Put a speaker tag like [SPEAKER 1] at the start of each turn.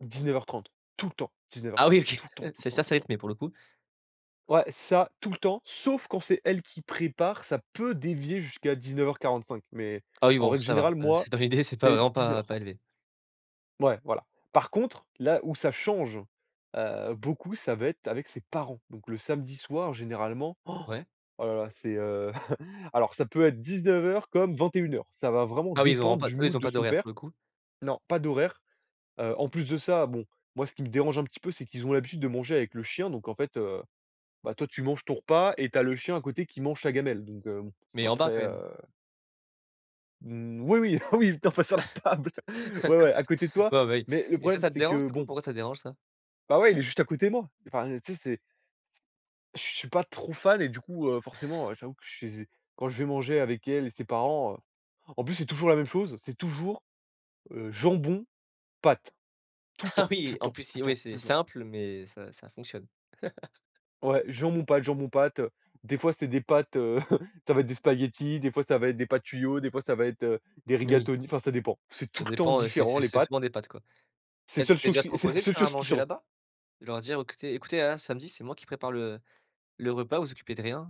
[SPEAKER 1] 19:30, tout le temps, dix-neuf heures
[SPEAKER 2] Ah oui,
[SPEAKER 1] trente,
[SPEAKER 2] OK,
[SPEAKER 1] tout le temps, tout le
[SPEAKER 2] c'est ça
[SPEAKER 1] temps, tout le temps.
[SPEAKER 2] rythmé pour le coup.
[SPEAKER 1] Ouais, ça, tout le temps, sauf quand c'est elle qui prépare, ça peut dévier jusqu'à 19:45, mais
[SPEAKER 2] Ah oui,
[SPEAKER 1] en
[SPEAKER 2] bon,
[SPEAKER 1] règle
[SPEAKER 2] ça va,
[SPEAKER 1] générale,
[SPEAKER 2] heu, c'est
[SPEAKER 1] moi,
[SPEAKER 2] dans l'idée, c'est pas
[SPEAKER 1] c'est
[SPEAKER 2] vraiment,
[SPEAKER 1] dix-neuf
[SPEAKER 2] pas
[SPEAKER 1] heures
[SPEAKER 2] pas
[SPEAKER 1] trente.
[SPEAKER 2] élevé.
[SPEAKER 1] Ouais, voilà. Par contre, là où ça change, heu, beaucoup, ça va être avec ses parents, donc le samedi soir généralement, oh
[SPEAKER 2] Ouais.
[SPEAKER 1] la la c'est, heu, alors ça peut être 19:00, comme 21:00. Ça va vraiment
[SPEAKER 2] Ah oui, ils auront
[SPEAKER 1] dépendre
[SPEAKER 2] pas,
[SPEAKER 1] du
[SPEAKER 2] eux, ils
[SPEAKER 1] mood
[SPEAKER 2] ont
[SPEAKER 1] de
[SPEAKER 2] pas
[SPEAKER 1] son
[SPEAKER 2] d'horaire pour
[SPEAKER 1] père.
[SPEAKER 2] le coup.
[SPEAKER 1] Non, pas d'horaire. Heu, en plus de ça, bon, moi ce qui me dérange un petit peu, c'est qu'ils ont l'habitude de manger avec le chien, donc en fait, heu, bah toi tu manges ton repas et tu as le chien à côté qui mange sa gamelle, donc heu, bon, c'est
[SPEAKER 2] Mais
[SPEAKER 1] pas
[SPEAKER 2] en bas,
[SPEAKER 1] très,
[SPEAKER 2] quand même?
[SPEAKER 1] heu Moui oui, oui, oui, pas sur la table. Ouais, ouais, à côté de toi,
[SPEAKER 2] Bon ben,
[SPEAKER 1] mais le
[SPEAKER 2] et ça
[SPEAKER 1] problème
[SPEAKER 2] ça te
[SPEAKER 1] c'est
[SPEAKER 2] dérange,
[SPEAKER 1] que
[SPEAKER 2] du coup?
[SPEAKER 1] bon
[SPEAKER 2] Pourquoi ça te dérange, ça?
[SPEAKER 1] Bah ouais, il est juste à côté, moi. Enfin, tu sais, c'est c je je suis pas trop fan, et du coup, heu, forcément, heu, j'avoue que chez z quand je vais manger avec elle et ses parents, heu, en plus, c'est toujours la même chose. C'est toujours, heu, jambon, pâtes, tout le
[SPEAKER 2] Ah
[SPEAKER 1] temps, tout
[SPEAKER 2] oui,
[SPEAKER 1] le
[SPEAKER 2] en
[SPEAKER 1] temps,
[SPEAKER 2] plus,
[SPEAKER 1] tout le
[SPEAKER 2] oui,
[SPEAKER 1] temps,
[SPEAKER 2] c'est
[SPEAKER 1] tout le temps
[SPEAKER 2] simple, mais ça, ça fonctionne.
[SPEAKER 1] ouais, jambon, pâtes jambon, pâtes, heu, des fois, c'est des pâtes, heu, ça va être des spaghettis. Des fois, ça va être des pâtes tuyaux, des fois, ça va être, heu, des
[SPEAKER 2] Oui.
[SPEAKER 1] rigatonis. Enfin, ça dépend. C'est
[SPEAKER 2] Ça
[SPEAKER 1] tout le temps
[SPEAKER 2] dépend, heu, c'est
[SPEAKER 1] différent,
[SPEAKER 2] c'est
[SPEAKER 1] les
[SPEAKER 2] c'est
[SPEAKER 1] pâtes
[SPEAKER 2] souvent des pâtes, quoi.
[SPEAKER 1] c'est
[SPEAKER 2] Peut-être tu
[SPEAKER 1] seule
[SPEAKER 2] t'es
[SPEAKER 1] cho
[SPEAKER 2] déjà
[SPEAKER 1] c'est la
[SPEAKER 2] proposé de
[SPEAKER 1] seule
[SPEAKER 2] faire à
[SPEAKER 1] chose qui
[SPEAKER 2] manger
[SPEAKER 1] change.
[SPEAKER 2] là-bas? De leur dire: «Écoutez écoutez, hein, samedi c'est moi qui prépare le le repas, vous vous occupez de rien».